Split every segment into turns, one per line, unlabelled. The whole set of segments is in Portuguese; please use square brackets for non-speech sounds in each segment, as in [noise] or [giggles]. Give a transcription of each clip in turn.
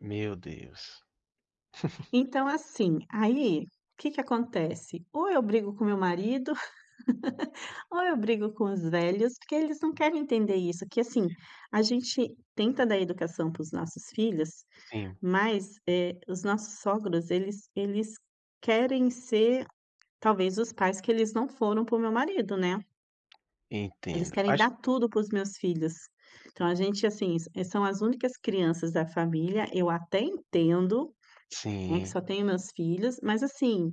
Meu Deus. [chuckles]
Então assim, aí, o que que acontece, ou eu brigo com o meu marido, [laughs] ou eu brigo com os velhos, porque eles não querem entender isso, porque assim, a gente tenta dar educação para os nossos filhos
Sim.
mas, eh, os nossos sogros eles eles querem ser, talvez, os pais que eles não foram para o meu marido, né. Eles
Entendo,
querem
acho
dar tudo para os meus filhos. Então, a gente, assim, s são as únicas crianças da família, eu até entendo, né, que
Sim.
só tenho meus filhos mas, assim,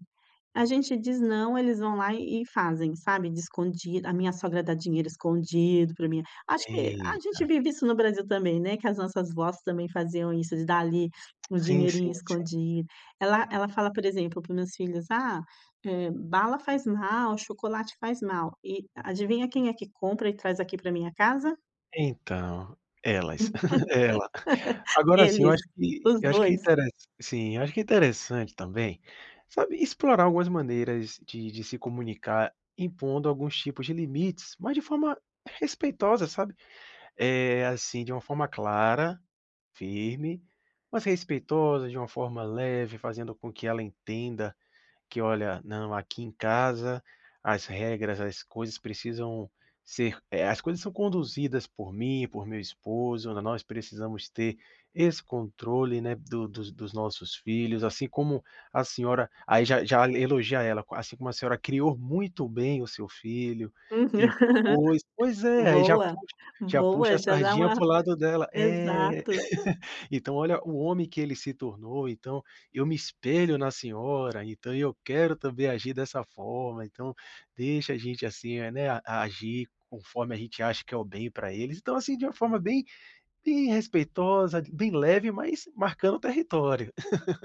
a gente diz "não" eles vão lá e e fazem, sabe, de escondi a minha sogra dá dinheiro escondido para mim acho que a
Eita.
gente vive isso no Brasil também, né, que as nossas vós também faziam isso de dar ali um
Sim,
dinheirinho
sim, sim.
escondido. Ela ela fala, por exemplo, para os meus filhos: "Ah, eh, bala faz mal, chocolate faz mal". E adivinha quem é que compra e traz aqui para minha casa?
Então, elas [giggles] ela, [chuckles]
[laughs]
agora, assim, eu acho
Eles,
que e
os
eu acho que
dois.
intere sim, acho que interessante também, sabe explorar algumas maneiras de de se comunicar, impondo alguns tipos de limites, mas de forma respeitosa, sabe. Eh, assim, de uma forma clara, firme, mas respeitosa, de uma forma leve, fazendo com que ela entenda que: "Olha, não, aqui em casa, as regras, as coisas precisam ser eh, as coisas são conduzidas por mim, por meu esposo, n nós precisamos ter esse controle, né, do dos dos nossos filhos, assim como a senhora" Aí, já já elogia ela: "Assim como a senhora criou muito bem o seu filho
Uhum,
e
[laughs]
impôs" Pois é, aí já
boa,
puxa já puxa
boa.
a
Já dá
sardinha
uma
para o lado dela, é.
exato.
[laughs] "Então olha o homem que ele se tornou, então, eu me espelho na senhora, então eu quero também agir dessa forma, então deixa a gente, assim, né, agir conforme a gente acha que é o bem para eles". Então, assim, de uma forma bem bem respeitosa, bem leve mas marcando território. [laughs]